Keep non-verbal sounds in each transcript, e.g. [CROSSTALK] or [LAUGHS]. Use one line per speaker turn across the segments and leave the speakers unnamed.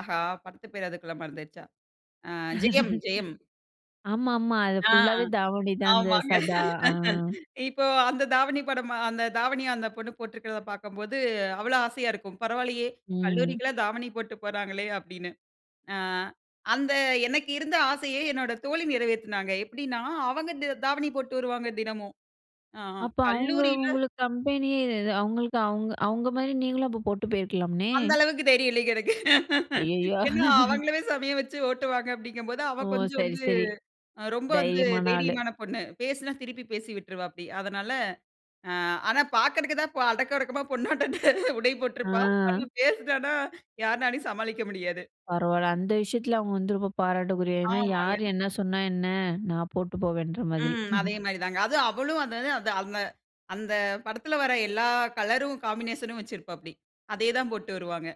ஆஹா! படத்து பேர் அதுக்குள்ள மறந்துருச்சா? அ ஜெயம்!
[LAUGHS]
ஜெயம்!
ஆமா, ஆமா. அது
ஆ!
ஃபுல்லாவே தாவணி தான். அந்த
ஆமாங்க.
சதா ஆ.
[LAUGHS] இப்போ அந்த தாவணி படமா அந்த தாவணிய அந்த பொண்ணு போட்டிருக்கிறத பாக்கும்போது, அவ்வளோ ஆசையா இருக்கும். "பரவால்லையே,
ம்.
கல்லூரிக்குல்லாம் தாவணி போட்டு போறாங்களே!" அப்டின்னு. அ அந்த எனக்கு இருந்த ஆசையை என்னோட தோழி நிறைவேத்துனாங்க. எப்டின்னா, அவங்க த தாவணி போட்டு வருவாங்க, தினமும். ஆஹ
அப்ப அவங்க
கல்லூரில
உங்களுக்கு கம்பெனியே, இது அவங்களுக்கு அவங்க அவங்க மாரி நீங்களும் அப்ப போட்டு போயிருக்கலாமே.
அந்த அளவுக்கு தைரியம் இல்லைங்க எனக்கு. [LAUGHS]
அய்யய்யோ!
ஏன்னா,
[CHUCKLES]
"அவங்களையே செம்மையா வச்சு ஓட்டுவாங்க" அப்படீங்கும்போது,
ஓ!
அவ கொஞ்சம்
சரி,
வந்து
சரி.
ரொம்ப வந்து
தைரியமான ஆளு.
தைரியமான பொண்ணு. பேசினா திருப்பி பேசி விட்டுருவா அப்டி. அதனால, அ ஆனா பாக்கறதுக்கு தான் பொ அடக்கம் ஒடுக்கமா பொண்ணாட்டம் உடை போட்ருப்பா.
ஆ.
ஆனா பேசினானா யாருனாலயும் சமாளிக்க முடியாது.
பரவால்ல, அந்த விஷயத்துல அவங்க வந்து ரொம்ப பாராட்டுக்குரிய. ஏன்னா, யார்
ஆமாங்க.
என்ன சொன்னா என்ன? நான் போட்டு போவேன்ற மாதிரி.
ம்.
[CHUCKLES]
அதே மாரி தாங்க. அதுவும் அவளும் அந்தது அந்த அந்த அந்த படத்துல வர எல்லா கலரும் காம்பினேஷனும் வச்சுருப்பாப்பிடி. அதே தான் போட்டு வருவாங்க.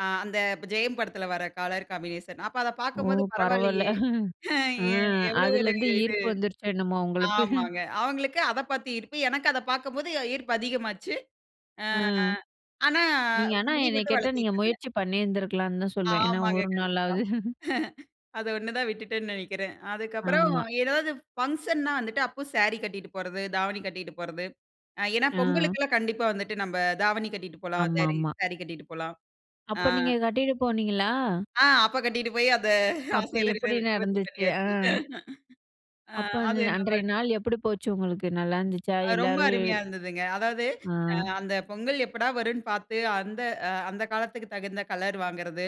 ஆ அந்த ப் ஜெயம் படத்துல வர கலர் காம்பினேஷன். அப்ப அத
ஓ!
பார்க்கும்போது
பரவால்ல.
பரவால்லையே,
[CHUCKLES] அ
எ எவ்ளோ ஒரு
அதுலருந்து
இது.
ஈர்ப்பு வந்துருச்சா என்னமோ உங்களுக்கு?
ஆமாங்க. அவங்களுக்கு அத பாத்து ஈர்ப்பு. எனக்கு அத பார்க்கும்போது ஈர்ப்பு அதிகமாச்சு. அ
அ.
ஆனா
நீங்க ஆனா
முடி
என்னைய
மட்டும்
கேட்டா நீங்க
வளத்திட்டுருந்தேன்.
முயற்சி பண்ணியிருந்துருக்கலான்னு தான் சொல்லுவேன். ஏன்னா,
ஆமாங்க,
ஒரு
கண்டிப்பா.
நாளாவது.
[CHUCKLES]
[CHUCKLES]
அத ஒண்ணு தான் விட்டுட்டேன்ன்னு நெனைக்கிறேன். அதுக்கப்பறம்
ஆமா.
ஏதாவது ஃபங்ஷன்னா வந்துட்டு அப்போ சாரி கட்டிட்டு போறது, தாவணி கட்டிட்டு போறது. அ ஏன்னா
அ.
பொங்கலுக்குல்லாம் கண்டிப்பா வந்துட்டு நம்ப தாவணி கட்டிட்டு போலாம். சாரி
ஆமாமா.
சாரி கட்டிட்டு போலாம். அ
அப்ப நீங்க கட்டீட்டு போனீங்களா?
ஆ, அப்ப கட்டிட்டு போய் அந்த
அப்ப
ஆசையல்லாம்
எப்டி
நிறைவு நிவர்த்தி
நடந்துச்சு? அ.
பண்ணியாச்சு. அ
அப்ப அந்த
அது
அன்றைய
நல்லாருக்கும்.
நாள் எப்படி போச்சு உங்களுக்கு? நல்லா இருந்துச்சா?
அ ரொம்ப
எல்லாரும்
அருமையா இருந்ததுங்க. அதாவது அ
ஆ.
அந்த பொங்கல் எப்படா வரும்ன்னு பாத்து, அந்த அந்த காலத்துக்கு தகுந்த கலர் வாங்குறது,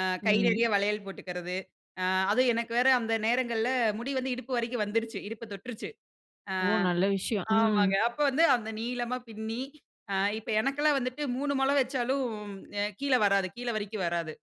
அ கை
ம்.
நெறையா வளையல் போட்டுக்கறது, அ அதுவும் எனக்கு வேற அந்த நேரங்கள்ல முடி வந்து இடுப்பு வரைக்கும் வந்துருச்சு. இடுப்ப தொட்டுருச்சு. அ
ஓ! நல்ல விஷயம். அ,
ஆமாங்க. அப்ப வந்து அந்த நீளமா பின்னி, அ இப்ப எனக்கெல்லாம் வந்துட்டு 3 முழம் வச்சாலும் அ கீழ வராது. கீழ வரைக்கும் வராது.